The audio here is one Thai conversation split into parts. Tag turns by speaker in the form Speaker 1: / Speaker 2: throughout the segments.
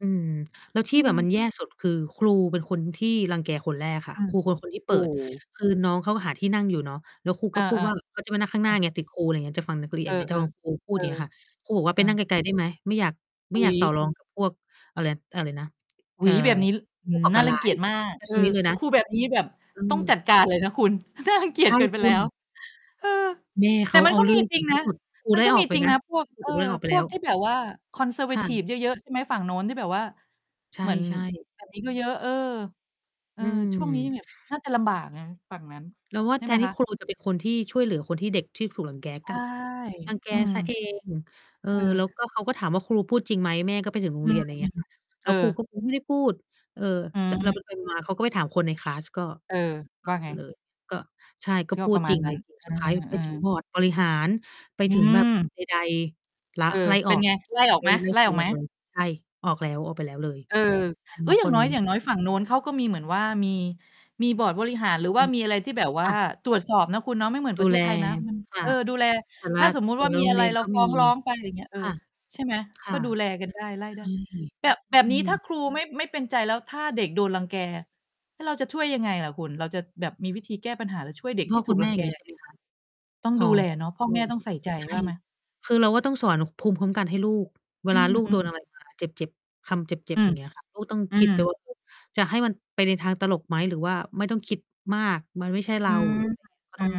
Speaker 1: อืม แล้วท
Speaker 2: อ
Speaker 1: ี
Speaker 2: ื
Speaker 1: ่แบบม
Speaker 2: ม
Speaker 1: ันแย่สุดคือครูเป็นคนที่รังแกคนแรกค่
Speaker 2: อ
Speaker 1: ะ
Speaker 2: า
Speaker 1: ครูเป็นคนที่เ
Speaker 2: โ
Speaker 1: ป
Speaker 2: อ
Speaker 1: ิ
Speaker 2: ้
Speaker 1: ด
Speaker 2: โฮ
Speaker 1: คือน้องเขาก็หาที่นั่งอยู่เนาะ แล้วครู
Speaker 2: อ
Speaker 1: ก็
Speaker 2: า
Speaker 1: พูดว่า เขาจะมานั่งข้างห
Speaker 2: ๆ
Speaker 1: น
Speaker 2: อ
Speaker 1: ้า
Speaker 2: า
Speaker 1: ไง ติดครูอะไรอย่างเงี้ย จะฟังนักเรี
Speaker 2: เอ
Speaker 1: ยน
Speaker 2: อ
Speaker 1: เดี๋ย
Speaker 2: ๆ
Speaker 1: ว
Speaker 2: เ
Speaker 1: จ
Speaker 2: อ
Speaker 1: ะ ฟังครูพูด
Speaker 2: อ
Speaker 1: อย่างนี้ค่ะ ครูบอกว่า
Speaker 2: เอ
Speaker 1: ไป
Speaker 2: อ
Speaker 1: นั่งไกล ๆ ได้ไหม ไม่อยาก ไม
Speaker 2: อ
Speaker 1: ่
Speaker 2: ุ
Speaker 1: อ
Speaker 2: ๊
Speaker 1: ยา
Speaker 2: ย
Speaker 1: กต่อรอง กับ พวก อะไร อะไรนะ
Speaker 2: อุ
Speaker 1: เอ
Speaker 2: ๊
Speaker 1: ่อ
Speaker 2: ย แบบนี้ อื้
Speaker 1: ผ
Speaker 2: อ
Speaker 1: ู้
Speaker 2: ฮ
Speaker 1: ก
Speaker 2: ื
Speaker 1: ่
Speaker 2: อ
Speaker 1: อ
Speaker 2: น่
Speaker 1: ก
Speaker 2: า
Speaker 1: าร
Speaker 2: รั
Speaker 1: ร้
Speaker 2: ง
Speaker 1: า
Speaker 2: เกี
Speaker 1: ย
Speaker 2: ยจมาก เออ
Speaker 1: นี้เลยนะ
Speaker 2: ครูแบบนี้แบบ
Speaker 1: เอ
Speaker 2: ต้องจัด
Speaker 1: อ
Speaker 2: การเลยนะคุณ น่ารังเกี
Speaker 1: ใ
Speaker 2: ย
Speaker 1: ช
Speaker 2: จ
Speaker 1: ่
Speaker 2: เกินไป
Speaker 1: ค
Speaker 2: แล
Speaker 1: ุ
Speaker 2: ้
Speaker 1: ณ
Speaker 2: ว เออ
Speaker 1: แม่
Speaker 2: แ
Speaker 1: เ
Speaker 2: ต
Speaker 1: ข
Speaker 2: ่
Speaker 1: า
Speaker 2: มั
Speaker 1: เ
Speaker 2: น
Speaker 1: อา
Speaker 2: ก็
Speaker 1: เรื
Speaker 2: ม
Speaker 1: ่
Speaker 2: ี
Speaker 1: อง
Speaker 2: จ
Speaker 1: ถ
Speaker 2: ร
Speaker 1: ึ
Speaker 2: ิง
Speaker 1: งท
Speaker 2: น
Speaker 1: ี่
Speaker 2: ะ
Speaker 1: สุด ครู
Speaker 2: มั
Speaker 1: ไ
Speaker 2: น
Speaker 1: ล่
Speaker 2: ก็
Speaker 1: อ
Speaker 2: ม
Speaker 1: อ
Speaker 2: ี
Speaker 1: กไป
Speaker 2: จริง
Speaker 1: นะ
Speaker 2: นะพวก
Speaker 1: ครู
Speaker 2: เอ
Speaker 1: ถู
Speaker 2: อ
Speaker 1: กไล่ออกไป
Speaker 2: พ
Speaker 1: แล
Speaker 2: ว
Speaker 1: ้
Speaker 2: กท
Speaker 1: ว
Speaker 2: ี่แบบว่า
Speaker 1: ค่ะ
Speaker 2: Conservative เยอะ ๆ ใช่ไหม ฝั่งโน้นที่แบบว่า
Speaker 1: ใช
Speaker 2: เหมือน
Speaker 1: ่ ๆ
Speaker 2: แบบนี้ ก็เยอะ เออ เอ
Speaker 1: อ
Speaker 2: อ
Speaker 1: ื
Speaker 2: ช่วงนี้
Speaker 1: ม
Speaker 2: แบบน่าจะลำบากนะฝั่งนั้น
Speaker 1: เราว่า
Speaker 2: ใช่
Speaker 1: แท
Speaker 2: ไหม
Speaker 1: นที
Speaker 2: ค
Speaker 1: ่
Speaker 2: ะ?
Speaker 1: ครูจะเป็น คนที่ช่วยเหลือคนที่ เด็กที่ถูกรังแก
Speaker 2: ใช
Speaker 1: กลั
Speaker 2: ่
Speaker 1: บ รังแก
Speaker 2: อืม
Speaker 1: ซะเอง เออ
Speaker 2: เออ
Speaker 1: แล้วก็เขาก็ถามว่าครูพูดจริงไหม แม่ก็ไปถึงโร
Speaker 2: อ
Speaker 1: ง
Speaker 2: ื
Speaker 1: เรีย
Speaker 2: ม
Speaker 1: น ไร
Speaker 2: อ
Speaker 1: เ
Speaker 2: ื
Speaker 1: ง
Speaker 2: ม
Speaker 1: ี้ย ค่ะ
Speaker 2: เ
Speaker 1: แล
Speaker 2: อ
Speaker 1: ้วครู
Speaker 2: อ
Speaker 1: ก็ ครู ไม่ได้พูด เออ
Speaker 2: อื
Speaker 1: แต่เรา
Speaker 2: ม
Speaker 1: ไป ไปมา เขาก็ไปถามคนในคลาสก็
Speaker 2: เออ ว่าไง?
Speaker 1: เลย ก็ ใช่ ก็
Speaker 2: ก็
Speaker 1: พู
Speaker 2: ปร
Speaker 1: ด
Speaker 2: ะม
Speaker 1: จ
Speaker 2: า
Speaker 1: ร
Speaker 2: ณ
Speaker 1: ิง
Speaker 2: น
Speaker 1: ไ
Speaker 2: ั
Speaker 1: ร
Speaker 2: ้น
Speaker 1: จริง
Speaker 2: เอ
Speaker 1: ส
Speaker 2: อ
Speaker 1: ุด ท้าย
Speaker 2: เ
Speaker 1: ไ
Speaker 2: อ
Speaker 1: ปถึง
Speaker 2: อ
Speaker 1: บอร์ดบริหารไป
Speaker 2: อื
Speaker 1: ถึงแบบ
Speaker 2: ม
Speaker 1: ใด ๆ ลา
Speaker 2: เออ
Speaker 1: ไล่
Speaker 2: เป
Speaker 1: อ
Speaker 2: ็
Speaker 1: อ
Speaker 2: น
Speaker 1: ก
Speaker 2: ไง ไล่ออก
Speaker 1: ไล
Speaker 2: ไห
Speaker 1: ่
Speaker 2: ม
Speaker 1: ไล่
Speaker 2: ไล่
Speaker 1: คร
Speaker 2: อ
Speaker 1: ู
Speaker 2: อก
Speaker 1: อ
Speaker 2: ไหม?
Speaker 1: อกเลย ใช่ ออกแล้ว ออกไปแล้วเลย
Speaker 2: เออ
Speaker 1: ออกแล้
Speaker 2: เอ้ย
Speaker 1: ว ณ
Speaker 2: อย่
Speaker 1: ต
Speaker 2: า
Speaker 1: อ
Speaker 2: ง
Speaker 1: น
Speaker 2: น้
Speaker 1: นี
Speaker 2: อย อย
Speaker 1: ้
Speaker 2: ่างน้อยฝั่งโน้นเขาก็มีเหมือนว่า มี มีบอร์ดบริหาร หรือว
Speaker 1: อ
Speaker 2: ่
Speaker 1: ื
Speaker 2: า
Speaker 1: อ
Speaker 2: มีอะไรที่แบบว
Speaker 1: ค
Speaker 2: ่า
Speaker 1: ่ะ
Speaker 2: ตรวจสอบนะคุณเนาะ ไม่เหมือน
Speaker 1: ด
Speaker 2: ปร
Speaker 1: ู
Speaker 2: ะเท
Speaker 1: แล
Speaker 2: ศไทยนะ อืม
Speaker 1: ค
Speaker 2: เ
Speaker 1: ่ะ
Speaker 2: ออ ดูแล
Speaker 1: แต่ล
Speaker 2: ถ้
Speaker 1: ะ
Speaker 2: าสมมุต
Speaker 1: แต
Speaker 2: ิ
Speaker 1: ่
Speaker 2: ว่า
Speaker 1: ละ
Speaker 2: มี
Speaker 1: โร
Speaker 2: อ
Speaker 1: ง
Speaker 2: ะ
Speaker 1: เ
Speaker 2: ไ
Speaker 1: ร
Speaker 2: ร
Speaker 1: ียน
Speaker 2: เรา
Speaker 1: ก็
Speaker 2: ฟ
Speaker 1: ม
Speaker 2: ้
Speaker 1: ี
Speaker 2: องร้องไป อะไรอย่างเงี้ย เออ
Speaker 1: ค่ะ
Speaker 2: ใช่ไหม
Speaker 1: ค
Speaker 2: ก
Speaker 1: ่
Speaker 2: ็
Speaker 1: ะ
Speaker 2: ดูแลกันได้ ไล่
Speaker 1: ใช
Speaker 2: ได
Speaker 1: ่
Speaker 2: ้ แบบ แบบ
Speaker 1: อื
Speaker 2: นี้ ถ้า
Speaker 1: อ
Speaker 2: ครูไม่ ไม่เป็นใจแล้ว ถ้าเด็กโดนรังแก แล้วเราจะช่วยยังไงล่ะคุณ เราจะแบบมีวิธีแก้ปัญหาหรือช่วยเ
Speaker 1: ค
Speaker 2: ด็
Speaker 1: ุณ
Speaker 2: ก
Speaker 1: พ
Speaker 2: ท
Speaker 1: ่
Speaker 2: ี
Speaker 1: อ
Speaker 2: ่ถ
Speaker 1: ค
Speaker 2: ู
Speaker 1: ุ
Speaker 2: ก
Speaker 1: ณแม
Speaker 2: รั
Speaker 1: ่
Speaker 2: ง
Speaker 1: อย
Speaker 2: แ
Speaker 1: ่
Speaker 2: ก
Speaker 1: างงี้
Speaker 2: ย
Speaker 1: ใ
Speaker 2: ั
Speaker 1: ช
Speaker 2: ง
Speaker 1: ่
Speaker 2: ไง?
Speaker 1: ไหมคะ
Speaker 2: ต้อง
Speaker 1: อ๋อ
Speaker 2: ดูแลเนาะ พ่อแม่ต้องใส่ใจ
Speaker 1: ใช่
Speaker 2: ว่าไหม?
Speaker 1: คือเราก็ต้องสอนภูมิคุ้มกันให้ลูก เว
Speaker 2: อื
Speaker 1: ลาลูก โด
Speaker 2: ม
Speaker 1: นอะ
Speaker 2: ๆ
Speaker 1: ไรมา เจ็บ ๆ คำเจ็
Speaker 2: อ
Speaker 1: บ
Speaker 2: ื
Speaker 1: ๆ อย
Speaker 2: ม
Speaker 1: ่างนี้ ค่ะ ลูกต้อง
Speaker 2: อื
Speaker 1: คิด ไป
Speaker 2: ม
Speaker 1: ว่าก็ จะให้มันไปในทางตลกไหมหรือว่าไม่ต้องคิดมาก มันไม่ใช่เ
Speaker 2: อ
Speaker 1: ร
Speaker 2: ื
Speaker 1: า
Speaker 2: อ
Speaker 1: หรือไรเงี้ย ก็
Speaker 2: อื
Speaker 1: ต้อง
Speaker 2: อ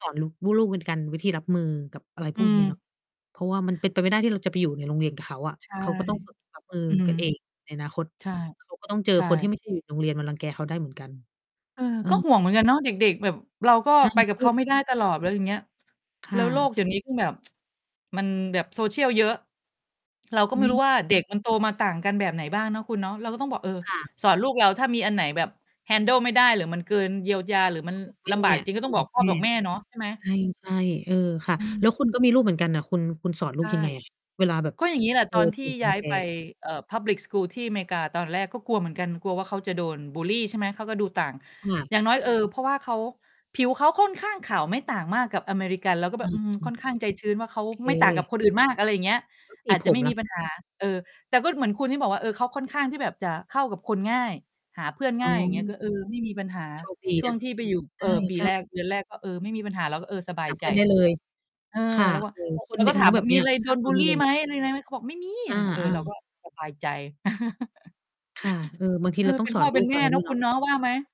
Speaker 1: สอนลูก ลูกเป็นการวิธีรับมือกับอะไร
Speaker 2: อ
Speaker 1: พ
Speaker 2: ื
Speaker 1: วกนี
Speaker 2: ม
Speaker 1: ้เนอะ เพราะว่ามันเป็นไปไม่ได้ที่เราจะไปอยู่ในโรงเรียนกับเขาอะ
Speaker 2: ใช่
Speaker 1: เขาก็ต้องฝึก รับมือ
Speaker 2: อืม
Speaker 1: กันเองในอนาคต
Speaker 2: ใช่
Speaker 1: เขาก็ ต้องเจอ
Speaker 2: ใช
Speaker 1: คนที่ ไ
Speaker 2: ่
Speaker 1: ม่ใช่อยู่ โรงเรียนมารังแกเขาได้เหมือนกัน
Speaker 2: เออ
Speaker 1: เอ
Speaker 2: ก็ห
Speaker 1: อ
Speaker 2: ่วงเหมือนกันเนาะ เด็ก ๆ แบบ เราก็
Speaker 1: ใช่
Speaker 2: ไปกับ
Speaker 1: ล
Speaker 2: เข
Speaker 1: ู
Speaker 2: า
Speaker 1: ก
Speaker 2: ไม
Speaker 1: ค
Speaker 2: ่
Speaker 1: ุณ
Speaker 2: ได้
Speaker 1: น่ะ
Speaker 2: ตลอด อะไรอย่างเงี้ย
Speaker 1: เป็นยังไง? ค
Speaker 2: แ
Speaker 1: ่
Speaker 2: ล้
Speaker 1: ะ
Speaker 2: วโลกเ
Speaker 1: ค
Speaker 2: ดี
Speaker 1: ่
Speaker 2: ๋ย
Speaker 1: ะ
Speaker 2: วนี้คือแบบ มันแบบ Social เยอะ เราก็
Speaker 1: อ
Speaker 2: ไ
Speaker 1: ื
Speaker 2: ม่รู้
Speaker 1: ม
Speaker 2: ว่าเด็กมัน โตมาต่างกันแบบไหนบ้างเนาะคุณเนาะ เราก็ต้องบอก เออ
Speaker 1: ค่ะ
Speaker 2: สอนลูกเรา ถ้ามีอันไหนแบบ Handle ไม่ได้ หรือมันเกินเยียวยา หรือมัน
Speaker 1: แม
Speaker 2: ล
Speaker 1: ่
Speaker 2: ำบากจริง ๆ ก็
Speaker 1: อ
Speaker 2: ต
Speaker 1: ย
Speaker 2: ้อ
Speaker 1: ู่
Speaker 2: งบอ
Speaker 1: ก
Speaker 2: ก
Speaker 1: ับ
Speaker 2: พ่
Speaker 1: แ
Speaker 2: อ
Speaker 1: ม่
Speaker 2: บอกแม่เนาะ ใช่ไหม?
Speaker 1: ใช่ ใช่ เออค่ะ
Speaker 2: อื
Speaker 1: แล
Speaker 2: ม
Speaker 1: ้วคุณก็มีลูกเหมือนกันน่ะ คุณ คุณสอนลู
Speaker 2: ใช
Speaker 1: ก
Speaker 2: ่
Speaker 1: ยังไงอะ เวลาแบบ
Speaker 2: ก็อย่างงี้แหละ
Speaker 1: เจ
Speaker 2: ต
Speaker 1: อ
Speaker 2: อนท
Speaker 1: ถ
Speaker 2: ี่
Speaker 1: ูกร
Speaker 2: ย
Speaker 1: ั
Speaker 2: ้า
Speaker 1: ง
Speaker 2: ย
Speaker 1: แก?
Speaker 2: ไป เอ่อ Public school ที่อเมริกา ตอนแรกก็กลัวเหมือนกัน กลัวว่าเขาจะโดนบุลลี ใช่ไหม เขาก็ดูต่าง
Speaker 1: ค่ะ
Speaker 2: อย่างน้อย เออ เพราะว่าเขา ผิวเขาค่อนข้างขาวไม่ต่างมากกับอเมริกัน เราก็แ
Speaker 1: อ
Speaker 2: บบ อืม ค่
Speaker 1: ื
Speaker 2: อ
Speaker 1: ม
Speaker 2: นข้างใจชื้นว่าเขาไม่ต่างกับ
Speaker 1: เค
Speaker 2: คนอื่นมาก อะไรอย่างเงี้ย
Speaker 1: แล้ว ส
Speaker 2: อ
Speaker 1: ี
Speaker 2: าจจ
Speaker 1: ผ
Speaker 2: ะไ
Speaker 1: ม
Speaker 2: ม่
Speaker 1: ล
Speaker 2: ม
Speaker 1: ่
Speaker 2: ี
Speaker 1: ะ?
Speaker 2: ปัญหา เออ แต่ก็เหมือนคุณที่บอกว่า เออ เขาค่อนข้างที่แบบจะเข้ากับคนง่าย หาเพื่อน
Speaker 1: อ
Speaker 2: ง
Speaker 1: ๋
Speaker 2: ่าย อย่างเงี้ย ก็
Speaker 1: อ
Speaker 2: เออ ไม่มีปัญหา
Speaker 1: โชคดี
Speaker 2: ช่
Speaker 1: น
Speaker 2: วง
Speaker 1: ะ
Speaker 2: ที่ไปอยู่ เ
Speaker 1: ใ
Speaker 2: ออ ปี
Speaker 1: ช
Speaker 2: แ
Speaker 1: ่
Speaker 2: ร
Speaker 1: ๆ
Speaker 2: ก เดือนแรกก็ เออ ไม่มีปัญหาเราก็ เออ สบา
Speaker 1: ห
Speaker 2: ย
Speaker 1: าเ
Speaker 2: ใ
Speaker 1: พ
Speaker 2: จ
Speaker 1: ื่อนได้เลย
Speaker 2: เออ
Speaker 1: ค่ะ
Speaker 2: แล้วว่า
Speaker 1: เออ
Speaker 2: แล้ว
Speaker 1: ค
Speaker 2: แล
Speaker 1: น
Speaker 2: ้ว
Speaker 1: เนี
Speaker 2: ก็
Speaker 1: ่ย
Speaker 2: ถ
Speaker 1: น
Speaker 2: า
Speaker 1: ้อง
Speaker 2: ม
Speaker 1: แ
Speaker 2: ว
Speaker 1: บ
Speaker 2: ่า
Speaker 1: บเ
Speaker 2: ม
Speaker 1: น
Speaker 2: ี
Speaker 1: ี้
Speaker 2: อ
Speaker 1: ย
Speaker 2: ะไรโ
Speaker 1: ห
Speaker 2: ด
Speaker 1: า
Speaker 2: น
Speaker 1: เพื
Speaker 2: บ
Speaker 1: ่
Speaker 2: ุ
Speaker 1: อน
Speaker 2: ล
Speaker 1: ได
Speaker 2: ล
Speaker 1: ้
Speaker 2: ี
Speaker 1: เล
Speaker 2: ไหม
Speaker 1: ย
Speaker 2: อะไรยังไง เขาบอกไม่มี
Speaker 1: อ
Speaker 2: ไ
Speaker 1: า
Speaker 2: รเงี้ย เออ
Speaker 1: อ
Speaker 2: เรา
Speaker 1: า
Speaker 2: ก็สบาย ใจ
Speaker 1: ค่ะ เออ บางที
Speaker 2: เอ
Speaker 1: เ
Speaker 2: อ
Speaker 1: ราต้อ
Speaker 2: เป
Speaker 1: ง
Speaker 2: ็น
Speaker 1: ส
Speaker 2: พ
Speaker 1: อ
Speaker 2: ่
Speaker 1: น
Speaker 2: อ เ
Speaker 1: ล
Speaker 2: ป
Speaker 1: ู
Speaker 2: ็น
Speaker 1: ก
Speaker 2: แม
Speaker 1: เร
Speaker 2: ่
Speaker 1: า
Speaker 2: เ
Speaker 1: ด
Speaker 2: น
Speaker 1: ้
Speaker 2: า
Speaker 1: ว
Speaker 2: ะ
Speaker 1: ยเ
Speaker 2: ค
Speaker 1: น
Speaker 2: ุ
Speaker 1: าะ
Speaker 2: ณเนาะ ว่าไหม?